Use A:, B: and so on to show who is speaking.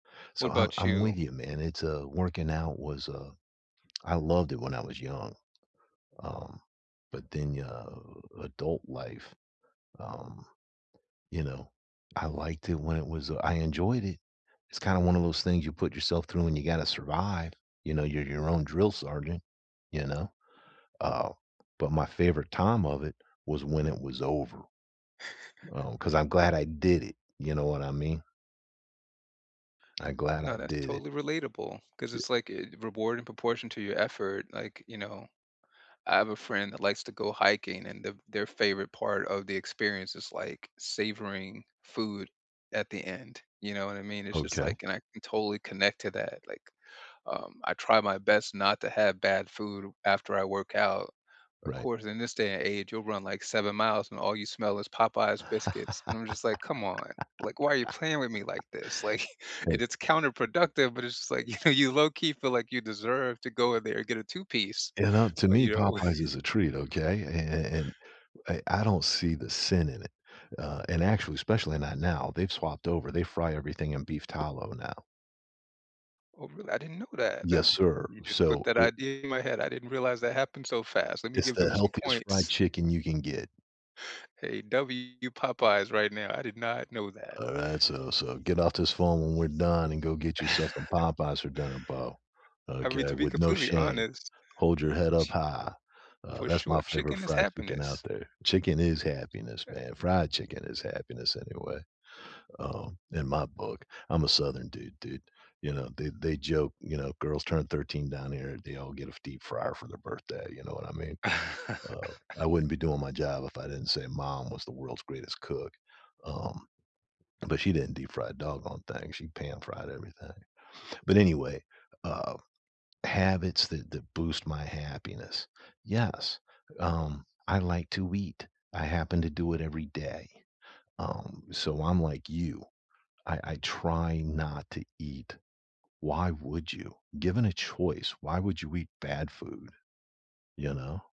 A: What
B: So, I
A: about
B: I'm
A: you?
B: with you, man. It's, uh, working out was, uh I loved it when I was young, um, but then, y uh, adult life, um, you know? I liked it when it was, uh, I enjoyed it. It's kinda one of those things you put yourself through and you gotta survive. You know, you're your own drill sergeant. You know? Uh, but my favorite time of it was when it was over, um, 'cause I'm glad I did it, you know what I mean? I glad I
A: No, that's
B: did it.
A: totally relatable 'cause
B: Y
A: it's like, eh, a reward in proportion to your effort, like, you know? I have a friend that likes to go hiking and the their favorite part of the experience is, like, savoring food at the end, you know what I mean? It's just
B: Okay.
A: like and I can totally connect to that, like, um, I try my best not to have bad food after I work out. Of
B: Right.
A: course, in this day and age, you'll run, like, 7 miles, and all you smell is Popeyes biscuits, and I'm just like, "Come on, like, why are you playing with me like this," like and
B: Hey.
A: it's counterproductive, but it's just like, you know, you low-key feel like you deserve to go in there and get a 2 piece,
B: You know, to
A: but,
B: me,
A: you know
B: Popeyes is a treat, okay? And and and a I don't see the sin in it. Uh, and, actually, especially not now, they've swapped over, they fry everything in beef tallow, now.
A: Oh, really? I didn't know that. That
B: Yes,
A: th
B: sir.
A: you just put
B: So
A: that
B: it
A: idea in my head, I didn't realize that happened so fast. Let me
B: It's
A: give
B: the
A: them some
B: healthiest fried
A: points.
B: chicken you can get.
A: Hey, W Popeyes right now, I did not know that.
B: Alright, so so, get off this phone when we're done and go get yourself some Popeyes for dinner, Bo.
A: I mean,
B: Okay?
A: to be
B: With no
A: completely
B: shame.
A: honest
B: Hold your head up
A: ch
B: high. Uh,
A: for
B: that's
A: sure,
B: my favorite
A: chicken is
B: fried chicken out
A: happiness.
B: there. Chicken is happiness,
A: Eh
B: man. Fried chicken is happiness, anyway, um, in my book. I'm a southern dude, dude. You know, they they joke, you know, girls turn 13 down here, they all get a f deep fryer for their birthday, you know what I mean? Uh, I wouldn't be doing my job if I didn't say mom was the world's greatest cook. Um, but she didn't deep fry a doggone thing, she pan fried everything, but anyway. Um, habits that that boost my happiness. Yes, um, I like to eat. I happen to do it every day, um, so, I'm like you. I I try not to eat why would you? Given a choice, why would you eat bad food, you know?